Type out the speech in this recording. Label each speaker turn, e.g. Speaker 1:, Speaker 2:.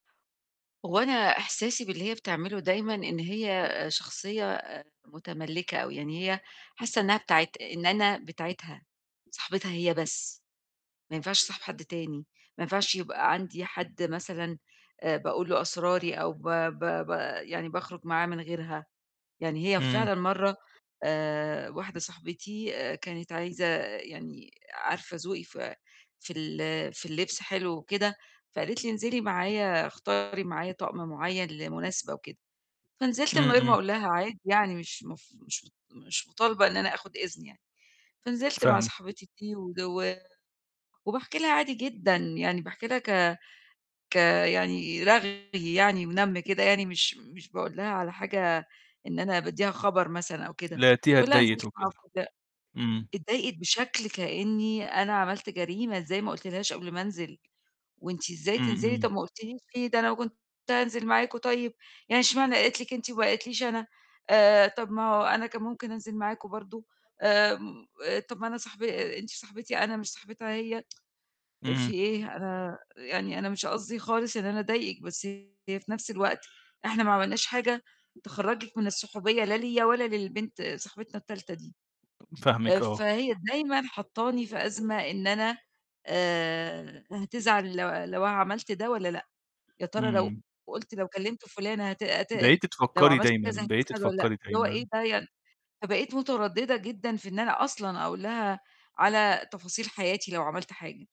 Speaker 1: هو أنا إحساسي باللي هي بتعمله دايمًا، إن هي شخصية آآ مُتملكّة، أو يعني هي حاسة إنها بتاعة إن أنا بتاعتها صاحبتها هي بس، ما ينفعش أصاحب حد تاني، ما ينفعش يبقى عندي حد مثلًا آآ باقول له أسراري، أو ب ب ب يعني باخرج معاه من غيرها، يعني هي
Speaker 2: إمم.
Speaker 1: فعلًا مَرّة آآ واحدة صاحبتي كانت عايزة يعني عارفة ذوقي ف في ال في اللبس حلو وكده، فقالت لي انزلي معايا اختاري معايا طقم مُعيّن لمُناسبة وكده، فنزلت
Speaker 2: إمم،
Speaker 1: من غير ما
Speaker 2: إمم.
Speaker 1: أقول لها عادي يعني مش مف مش مش مطالبة إن أنا آخُد إذن يعني، فنزلت مع
Speaker 2: فاهمِك.
Speaker 1: صاحبتي دي، و وباحكي لها عادي جدًا، يعني باحكي لها ك ك يعني رغي يعني ونم كده يعني، مش مش باقول لها على حاجة إن أنا باديها خبر مثلًا أو كده،
Speaker 2: لقيتيها
Speaker 1: باقولها نزِلت
Speaker 2: اتضايقت
Speaker 1: مع
Speaker 2: وكده،
Speaker 1: واحدة
Speaker 2: امم.
Speaker 1: اتضايقت بشكل كأني أنا عملت جريمة إزاي ما قُلتلهاش قبل ما أنزِل، وأنتِ إزاي
Speaker 2: إمم،
Speaker 1: تنزلي
Speaker 2: إمم.
Speaker 1: طب ما قُلتيليش ليه؟ ده أنا كنت هانزِل معاكم طيب، يعني اشمعني قالت لِك أنتِ وما قالتليش أنا، آآ طب ما هو أنا كان ممكن أنزِل معاكم برضه، آآ طب ما أنا صاحب أنتِ صاحبتي أنا، مش صاحبتها هي إيه في
Speaker 2: إمم.
Speaker 1: إيه؟ أنا يعني أنا مش قصدي خالص إن أنا أضايقِك، بس هي في نفس الوقت إحنا ما عملناش حاجة تخرجِك من الصُحوبية لا ليّا ولا للبنت صاحبتنا التالتة دي، آآ
Speaker 2: فاهمِك آه.
Speaker 1: فهي دايمًا حاطاني في أزمة إن أنا آآ هتزعل لو لو أنا عملت ده والّا لأ، يا ترى لو
Speaker 2: إمم.
Speaker 1: قُلت لو كلمت فُلانة هت هت
Speaker 2: بقيتِ
Speaker 1: لو
Speaker 2: تفكري
Speaker 1: عملّت كذا
Speaker 2: دايمًا، بقيتِ
Speaker 1: هتزعل والّا لأ،
Speaker 2: تفكري
Speaker 1: اللي هو إيه
Speaker 2: دايمًا.
Speaker 1: ده يعني فبقيت مُترددة جدًا في إن أنا أصلًا أقول لها على تفاصيل حياتي لو عملت حاجة.